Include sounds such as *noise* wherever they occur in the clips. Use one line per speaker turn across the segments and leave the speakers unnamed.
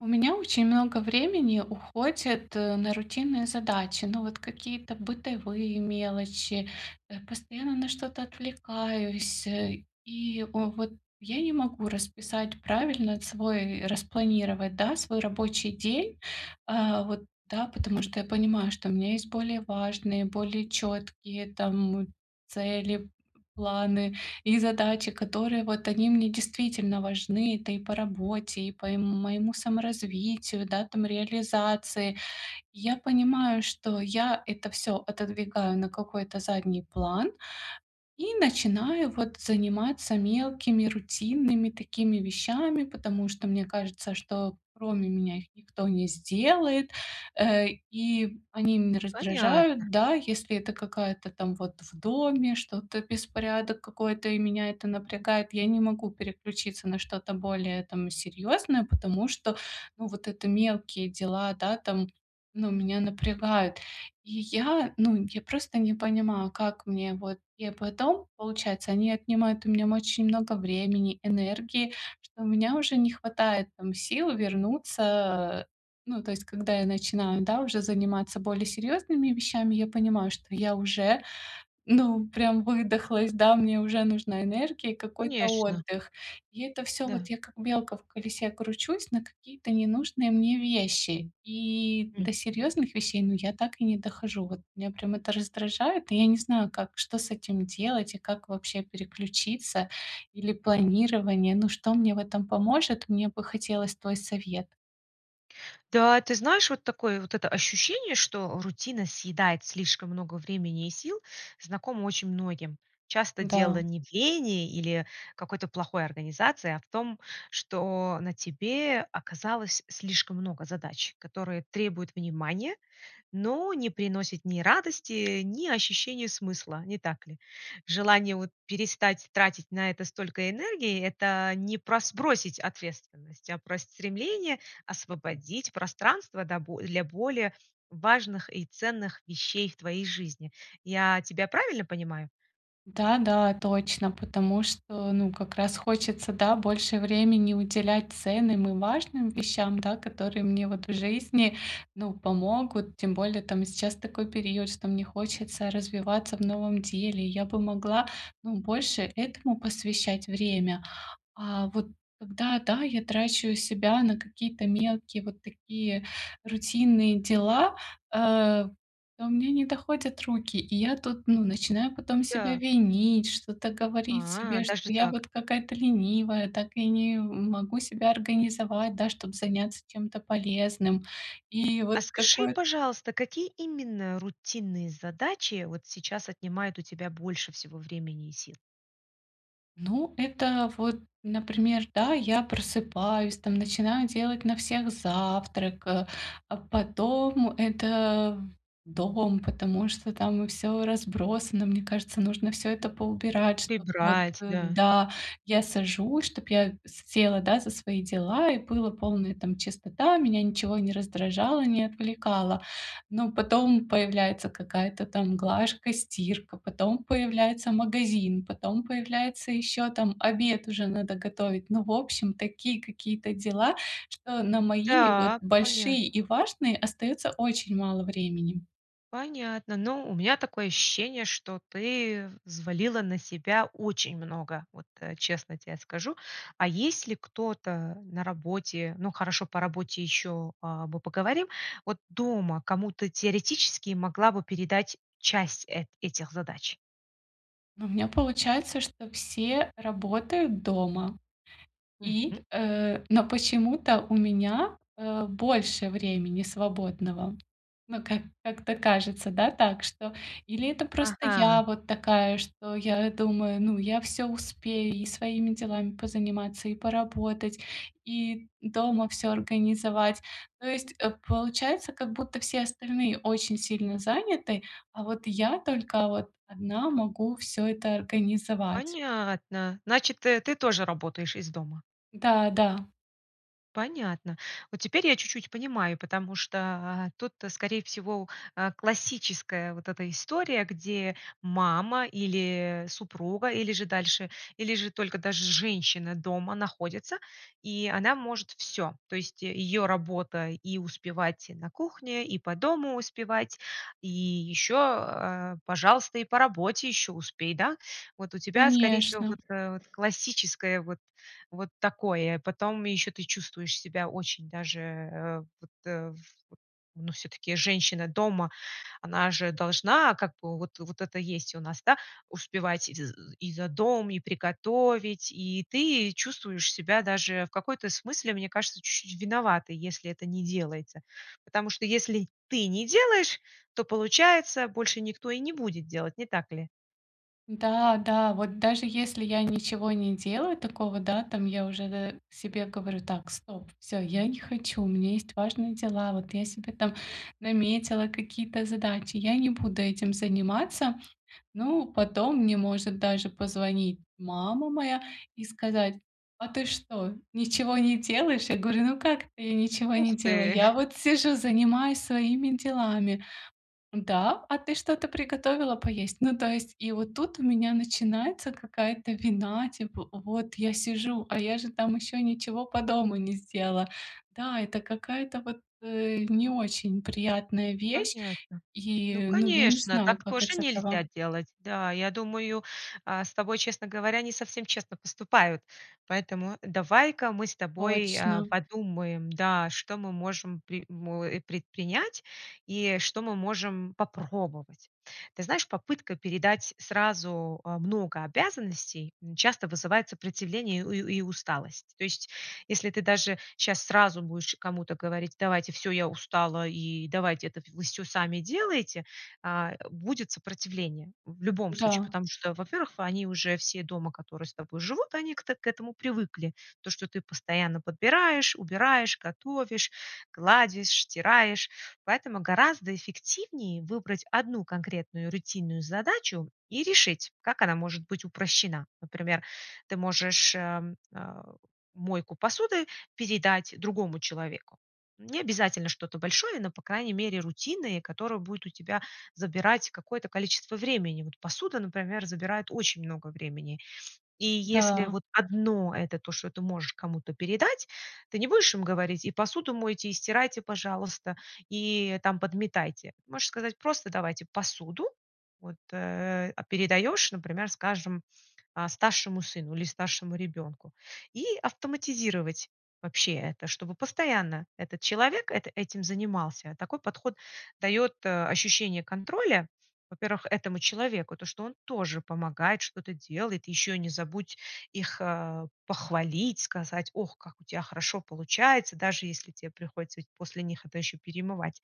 У меня очень много времени уходит на рутинные задачи. Ну, вот, какие-то бытовые мелочи, э, постоянно на что-то отвлекаюсь, э, и, вот, я не могу расписать правильно свой распланировать, да, свой рабочий день. Э, вот, да, потому что я понимаю, что у меня есть более важные, более четкие, там, цели, планы и задачи, которые, вот, они мне действительно важны. Это и по работе, и по, эм, моему саморазвитию, да, там, реализации. Я понимаю, что я это всё отодвигаю на какой-то задний план и начинаю, вот, заниматься мелкими рутинными такими вещами, потому что мне кажется, что кроме меня их никто не сделает, э, и они меня
Понятно.
раздражают. Да, если это какая-то там, вот, в доме, что-то, беспорядок какой-то, и меня это напрягает, я не могу переключиться на что-то более там серьёзное, потому что, ну, вот это мелкие дела, да, там, ну, меня напрягают. И я, ну, я просто не понимаю, как мне вот я потом, получается, они отнимают у меня очень много времени, энергии, что у меня уже не хватает, там, сил вернуться, э Ну, то есть, когда я начинаю, да, уже заниматься более серьёзными вещами, я понимаю, что я уже, ну, прям выдохлась, да, мне уже нужна энергия и какой-то
Конечно.
отдых. И это всё,
Да.
вот, я как белка в колесе кручусь на какие-то ненужные мне вещи. И до
Мгм.
серьёзных вещей, ну, я так и не дохожу. Вот меня, прям, это раздражает. И я не знаю, как, что с этим делать и как вообще переключиться, или планирование, ну, что мне в этом поможет? Мне бы хотелось твой совет.
Да, ты знаешь, вот такое вот это ощущение, что рутина съедает слишком много времени и сил, знакомо очень многим. Часто
Да.
дело не в лени или какой-то плохой организации, а в том, что на тебе оказалось слишком много задач, которые требуют внимания, но не приносят ни радости, ни ощущения смысла, не так ли? Желание вот перестать тратить на это столько энергии- это не про сбросить ответственность, а про стремление освободить пространство да бо для более важных и ценных вещей в твоей жизни. Я тебя правильно понимаю?
Да да, точно, потому что, ну, как раз хочется, да, больше времени уделять ценным и важным вещам, да, которые мне вот в жизни, ну, помогут. Тем более, там, сейчас такой период, что мне хочется развиваться в новом деле, я бы могла, ну, больше этому посвящать время. А вот когда, да, я трачу себя на какие-то мелкие вот такие рутинные дела, э, то у меня не доходят руки, и я тут, ну, начинаю потом себя
Да.
винить, что-то говорить
А,
себе, что
даже
я
так.
вот какая-то ленивая, так я не, м, могу себя организовать, да, чтобы заняться тем-то полезным. И вот
А скажи,
какое
пожалуйста, какие именно рутинные задачи вот сейчас отнимают у тебя больше всего времени и сил?
Ну, это вот, например, да, я просыпаюсь, там, начинаю делать на всех завтрак, э, а потом это Дом, потому что там всё разбросано. Мне кажется, нужно всё это поубирать, чтоб вот
Прибрать, да.
да. Я сажусь, чтоб я с села, да, за свои дела, и была полная, там, чистота, меня ничего не раздражало, не отвлекало. Но потом появляется какая-то там глажка, стирка, потом появляется магазин, потом появляется ещё там обед уже надо готовить, ну, в общем, такие какие-то дела, что на мои вот
Да,
большие и
понятно.
важные остается очень мало времени.
Понятно. Ну у меня такое ощущение, что ты взвалила на себя очень много, вот, э, честно тебе скажу. А есть ли кто-то на работе, ну, хорошо, по работе ещё, а, мы поговорим. Вот, дома кому-то теоретически могла бы передать часть э этих задач?
У меня получается, что все работают дома. И,
Мгм.
э, но почему-то у меня, э, больше времени свободного. Ну, как как-то кажется, да, так что. Или это просто я
Ага.
вот такая, что я думаю: "Ну, я всё успею: и своими делами позаниматься, и поработать, и дома всё организовать". То есть, э, получается, как будто все остальные очень сильно заняты, а вот я только вот одна могу всё это организовать.
Понятно. Значит, ты, э, ты тоже работаешь из дома?
Да да.
Понятно. Вот теперь я чуть-чуть понимаю, потому что тут, скорее всего, а, классическая вот эта история, где мама, или супруга, или же дальше, или же только даже женщина дома находится, и она может всё. То есть её работа- и успевать и на кухне, и по дому успевать, и ещё, э, пожалуйста, и по работе ещё успей, да? Вот у тебя, скорее всего,
Конечно.
вот, э, классическое вот вот такое. Потом ещё ты чувствуешь себя очень даже, э, вот э, в э, ну, всё-таки женщина дома, она же должна, как бы, вот вот это есть у нас, да, успевать и з и за дом, и приготовить, и ты чувствуешь себя даже в какой-то смысле, мне кажется, чуть-чуть виноватой, если это не делается. Потому что если ты не делаешь, то, получается, больше никто и не будет делать, не так ли?
Да, да, вот даже если я ничего не делаю такого, да, там, я уже д себе говорю: "Так, стоп, всё, я не хочу. У меня есть важные дела, вот я себе там наметила какие-то задачи, я не буду этим заниматься". Ну, потом, мне может даже позвонить мама моя и сказать: "А ты что, ничего не делаешь?" Я говорю: "Ну как это я ничего
Ух
не делаю?
ты!
Я
*chuckles*
вот сижу, занимаюсь своими делами". "Да? А ты что-то приготовила поесть?". Ну, то есть, и вот тут у меня начинается какая-то вина, типа: "Вот я сижу, а я же там ещё ничего по дому не сделала". Да, это какая-то вот, э, не очень приятная вещь,
Понятно. Ну,
и, ну, я не
конечно,
знаю,
так
как
тоже
из этого
нельзя делать. Да, я думаю, э, с тобой, честно говоря, не совсем честно поступают. Поэтому давай-ка мы с тобой, э,
Точно.
подумаем, да, что мы можем при мо э, предпринять и что мы можем попробовать. Ты знаешь, попытка передать сразу, э, много обязанностей часто вызывает сопротивление у ю и усталость. То есть, если ты даже щас сразу будешь кому-то говорить: "Давайте всё, я устала, и давайте это в всё сами делайте". А, э, будет сопротивление. В любом случае,
Да.
потому что, во-первых, они уже все дома, которые с тобой живут, они к так к этому привыкли. То, что ты постоянно подбираешь, убираешь, готовишь, гладишь, стираешь. Поэтому гораздо эффективнее выбрать одну конкретную рутинную задачу и решить, как она может быть упрощена. Например, ты можешь, э, а, мойку посуды передать другому человеку. Не обязательно что-то большое, но, по крайней мере, рутинные, которая будет у тебя забирать какое-то количество времени. Вот посуда, например, забирает очень много времени. И если
Да.
вот одно это то, что ты можешь кому-то передать, ты не будешь им говорить: "И посуду мойте, и стирайте, пожалуйста, и там подметайте". Можешь сказать просто: "Давайте посуду". Вот, э, а передаёшь, например, скажем, а старшему сыну или старшему ребенку и автоматизировать вообще. Это, чтобы постоянно этот человек эт этим занимался. Такой подход даёт, э, ощущение контроля, во-первых, этому человеку, то, что он тоже помогает, что-то делает, ещё не забудь их, э, похвалить, сказать: "Ох, как у тебя хорошо получается". Даже если тебе приходится ведь после них это ещё перемывать.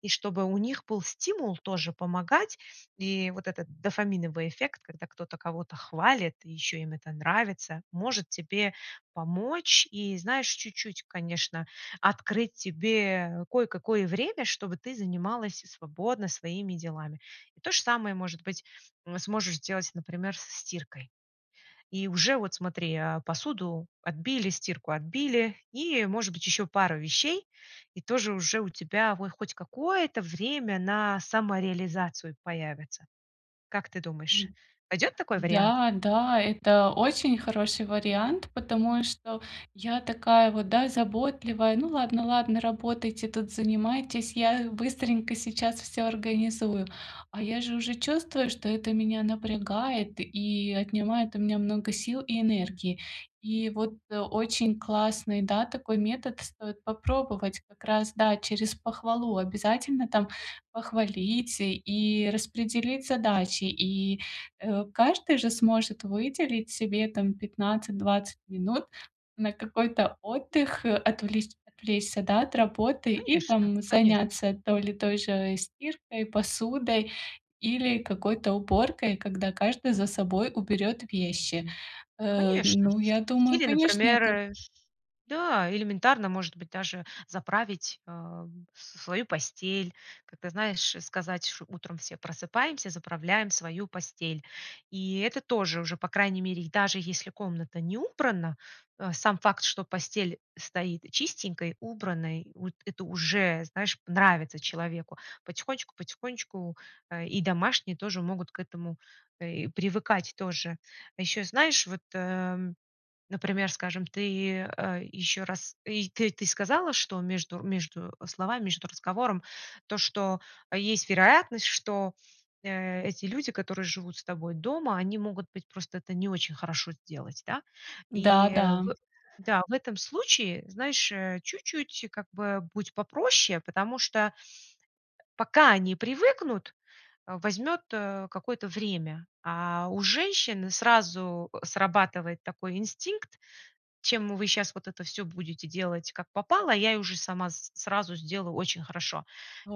И чтобы у них был стимул тоже помогать, и вот этот дофаминовый эффект, когда кто-то кого-то хвалит и ещё им это нравится, может тебе помочь и, знаешь, чуть-чуть, конечно, открыть тебе кое-какое время, чтобы ты занималась и свободно своими делами. И то же самое, может быть, м, сможешь сделать, например, со стиркой. И уже вот, смотри, э, посуду отбили, стирку отбили и, может быть, ещё пару вещей, и тоже уже у тебя вой хоть какое-то время на самореализацию появится. Как ты думаешь,
М.
пойдёт такой вариант?
Да, да, это очень хороший вариант, потому что я такая вот, да, заботливая: "Ну ладно, ладно, работайте тут, занимайтесь, я быстренько сейчас всё организую". А я же уже чувствую, что это меня напрягает и отнимает у меня много сил и энергии. И вот, э, очень классный, да, такой метод, стоит попробовать. Как раз, да, через похвалу. Обязательно там похвалить и распределить задачи. И, э, каждый же сможет выделить себе, там, 15-20 минут на какой-то отдых, э, отвле отвлечься, да, от работы и,
Конечно
там,
конечно.
заняться то ли той же стиркой, посудой или какой-то уборкой, когда каждый за собой уберёт вещи. Э,
Конечно.
ну, я думаю,
Или,
конечно, это
например, да, элементарно, может быть, даже заправить, э, с свою постель. Как-то, знаешь, э, сказать, что утром все просыпаемся, заправляем свою постель. И это тоже уже, по крайней мере, даже если комната не убрана, э, сам факт, что постель стоит чистенькой, убранной, вот это уже, знаешь, нравится человеку. Потихонечку потихонечку, э, и домашние тоже могут к этому, э, и привыкать тоже. Ещё, знаешь, вот, э, например, скажем, ты, э, ещё раз, э, и т ты сказала, что между между словами, между разговором то, что есть вероятность, что, э, эти люди, которые живут с тобой дома, они могут быть просто это не очень хорошо сделать, да?
Да
И
да.
в да, в этом случае, знаешь, э, чуть-чуть как бы будь попроще, потому что, э, пока они привыкнут, э, возьмёт, э, какое-то время, а у женщины сразу, э, срабатывает такой инстинкт: "Чем вы щас вот это все будете делать как попало, а я уже и сама с сразу сделаю очень хорошо".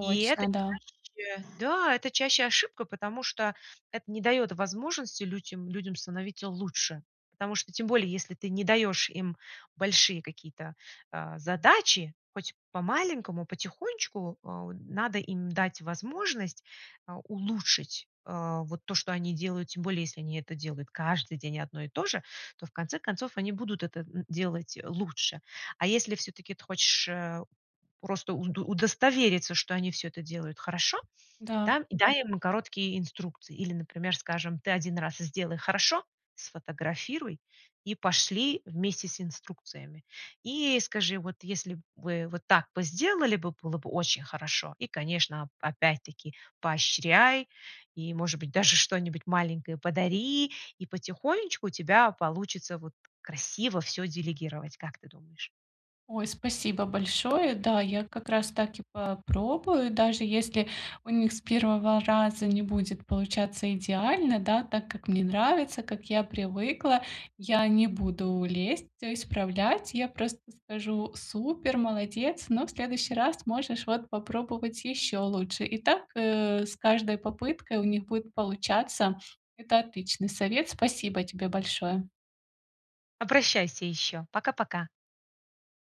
И это
да.
чаще Да, это чаще ошибка, потому что это не даёт возможности людям людям становиться лучше. Потому что тем более, если ты не даёшь им большие какие-то, э, задачи, хоть по-маленькому, потихонечку, а, у надо им дать возможность, э, улучшить, э, вот то, что они делают. Тем более, если они это делают каждый день одно и то же, то, в конце концов, они будут это н делать лучше. А если всё-таки ты хочешь, э, просто у удостовериться, что они всё это делают хорошо,
Да.
да,- дай им короткие инструкции. Или, например, скажем, ты 1 раз сделай хорошо, сфотографируй и пошли вместе с инструкциями. И скажи: "Вот, если б вы вот так бы сделали бы, было бы очень хорошо". И, конечно, опять-таки поощряй и, может быть, даже что-нибудь маленькое подари, и потихонечку у тебя получится, вот, красиво всё делегировать. Как ты думаешь?
Ой, спасибо большое. Да, я как раз так и попробую. Даже если у них с первого раза не будет получаться идеально, да, так как мне нравится, как я привыкла,- я не буду лезть, всё исправлять, я просто скажу: "Супер, молодец, но в следующий раз можешь вот попробовать ещё лучше". И так, э, с каждой попыткой у них будет получаться. Это отличный совет. Спасибо тебе большое.
Обращайся ещё. Пока пока.